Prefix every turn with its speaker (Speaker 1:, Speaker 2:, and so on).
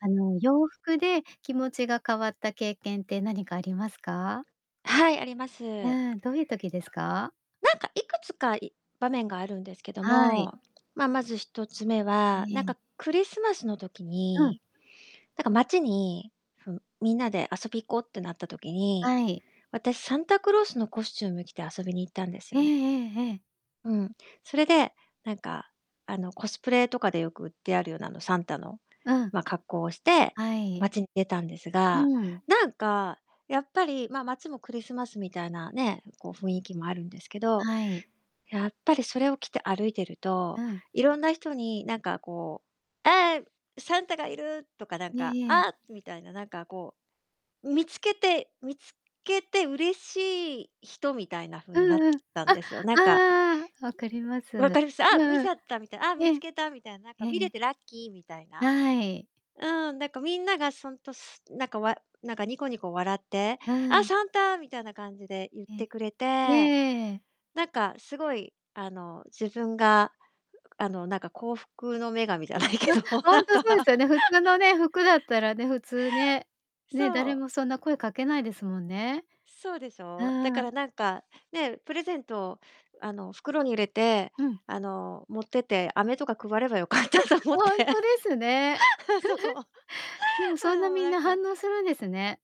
Speaker 1: あの、洋服で気持ちが変わった経験って何かありますか？
Speaker 2: はい、ありま
Speaker 1: う
Speaker 2: す。
Speaker 1: ん、どういう時ですか？
Speaker 2: なんか、いくつかい場面があるんですけど
Speaker 1: はい。
Speaker 2: も、まあ、まず1つ目
Speaker 1: え
Speaker 2: は、なん
Speaker 1: え。
Speaker 2: かクリスマスの時
Speaker 1: うん。
Speaker 2: になんか街に、ふみんなで遊び行こうってなった時に、
Speaker 1: はい。
Speaker 2: 私サンタクロースのコスチューム着て遊びに行ったんです
Speaker 1: ええ
Speaker 2: よね。
Speaker 1: ええええ。
Speaker 2: うん。それでなんかあの、コスプレとかでよく売ってあるような、あの、サンタの、
Speaker 1: うん。
Speaker 2: ま、格好をして
Speaker 1: はい。
Speaker 2: 街に出たんです
Speaker 1: う
Speaker 2: が、
Speaker 1: ん。
Speaker 2: なんかやっぱり、まあ、街もクリスマスみたいなね、こう雰囲気もあるんですけど、
Speaker 1: はい。
Speaker 2: やっぱりそれを着て歩いてる
Speaker 1: う
Speaker 2: と
Speaker 1: ん。
Speaker 2: いろんな人に何かこう「あ、ええ、サンタがいる！」とかなん
Speaker 1: え
Speaker 2: か
Speaker 1: えええ。
Speaker 2: 「あ！」みたいななんか、こう、見つけて見つけて嬉しい人みたいな風
Speaker 1: う
Speaker 2: になっ
Speaker 1: んうん。
Speaker 2: たん
Speaker 1: あ、
Speaker 2: ですよ。なんか、
Speaker 1: ああ、分かります。
Speaker 2: う
Speaker 1: うん
Speaker 2: わ
Speaker 1: う
Speaker 2: かります？あ、見ち
Speaker 1: ん。
Speaker 2: ゃったみたい、あ、
Speaker 1: え
Speaker 2: 見
Speaker 1: え。
Speaker 2: つけたみたいな、なんか
Speaker 1: えええ
Speaker 2: 見れ
Speaker 1: え。
Speaker 2: てラッキーみたいな。
Speaker 1: はい。
Speaker 2: うん、なんかみんながそんとすん、なんかわなんかニコニコ笑って
Speaker 1: う
Speaker 2: 「あ、
Speaker 1: ん。
Speaker 2: サンタ！」みたいな感じで言っ
Speaker 1: え
Speaker 2: てくれ
Speaker 1: え。
Speaker 2: て。
Speaker 1: ええ。
Speaker 2: なんかすごい、あの、自分が、うあの、なんか幸福の女神じゃない
Speaker 1: あ、
Speaker 2: けど、
Speaker 1: ほ
Speaker 2: な
Speaker 1: ん
Speaker 2: ん
Speaker 1: とそうで
Speaker 2: か
Speaker 1: すよね。普通のね、服だった らね、普通ね、ね、
Speaker 2: そ
Speaker 1: 誰
Speaker 2: う。
Speaker 1: もそんな声かけないですもんね。
Speaker 2: そうでしょう？だか
Speaker 1: ああ。
Speaker 2: らなんかね、プレゼントを、あの、袋に入れて、
Speaker 1: うん。
Speaker 2: あの、持ってて飴とか配ればよかった
Speaker 1: あ、
Speaker 2: と思っ
Speaker 1: ほ
Speaker 2: て。
Speaker 1: んとですね。
Speaker 2: あ、そう。あ
Speaker 1: でもそん
Speaker 2: あ、
Speaker 1: な
Speaker 2: もう
Speaker 1: みん
Speaker 2: なん
Speaker 1: な
Speaker 2: か
Speaker 1: 反応するんですね。